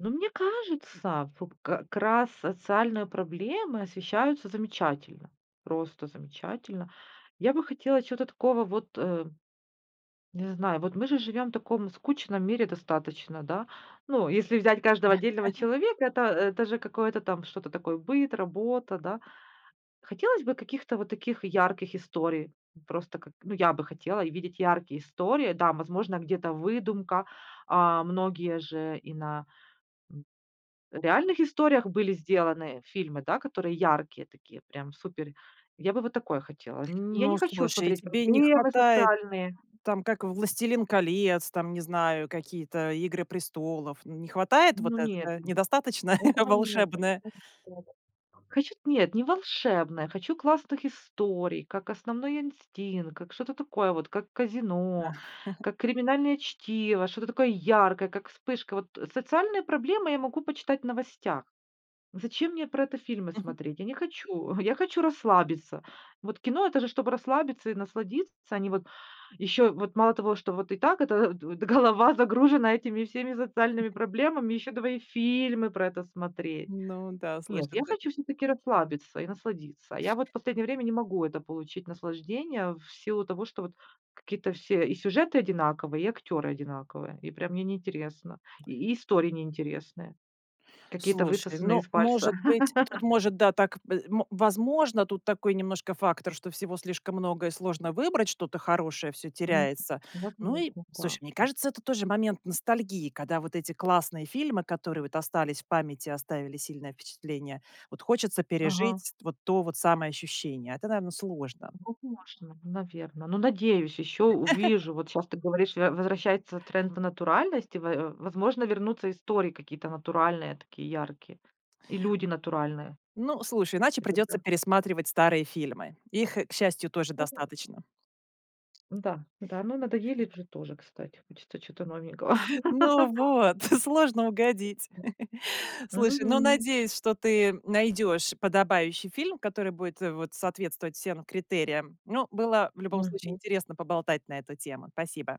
Но мне кажется, вот как раз социальные проблемы освещаются замечательно, просто замечательно. Я бы хотела чего-то такого вот, э, не знаю, вот мы же живем в таком скучном мире достаточно, да. Ну, если взять каждого отдельного человека, это, э, даже какое-то там, что-то такое, быт, работа, да. Хотелось бы каких-то вот таких ярких историй. Просто, как, ну, я бы хотела видеть яркие истории. Да, возможно где-то выдумка. А многие же и на, м, реальных историях были сделаны, э, фильмы, да, которые яркие такие, прям супер. Я бы вот такое хотела. Ни я не Ну, хочу слушай, смотреть тебе не проблемы хватает социальные. там, как в "Властелин колец", там, не знаю, какие-то "Игры престолов", не хватает вот Ну нет, этого, недостаточно этого нет. волшебное? [unintelligible] Хочу т нет, не волшебное, хочу классных историй, как "Основной инстинкт", как что-то такое вот, как Э. "Казино", как "Криминальное чтиво", что-то такое яркое, как вспышка вот. Социальные проблемы я могу почитать в новостях. Зачем мне про это фильмы Мгм. смотреть? Я не хочу, я хочу расслабиться. Вот кино- это же чтобы расслабиться и насладиться, а не вот еще вот мало того, что вот и так это вот д голова загружена этими всеми социальными проблемами, еще давай и фильмы про это смотреть. Ну да, слышат. Нет, я Дзэ хочу всё-таки расслабиться и насладиться. Я вот последнее время не могу это получить наслаждение, в силу того, что вот какие-то все и сюжеты одинаковые, и актеры одинаковые. И прям мне неинтересно, и и истории неинтересные, какие-то Слушай, высосанные ну, из пальца. может быть, тут, может, да, так, э, м возможно. Тут такой немножко фактор, что всего слишком много и сложно выбрать, что-то хорошее, всё Мгм. теряется. Ну Возможно, и, слушай, мне да. кажется, это тоже момент ностальгии, когда вот эти классные фильмы, которые вот остались в памяти, оставили сильное впечатление, вот хочется Ага. пережить вот то вот самое ощущение. Это, наверно, сложно. Возможно. Наверно. Ну, надеюсь, еще увижу. Вот щас ты говоришь, во возвращается тренд в натуральность и, во возможно, вернутся истории какие-то натуральные, такие яркие. И люди натуральные. Ну, слушай, иначе И придется тогда пересматривать старые фильмы. Их, к счастью, тоже Согласна. достаточно. Да, да, ну, надоели уже тоже, кстати. Хочется чего-то новенького. Ну вот! Сложно угодить. Слушай, ну, Мгм. надеюсь, что ты найдешь подобающий фильм, который будет вот соответствовать всем критериям. Ну, было в любом случае Мгм. интересно поболтать на эту тему. Спасибо!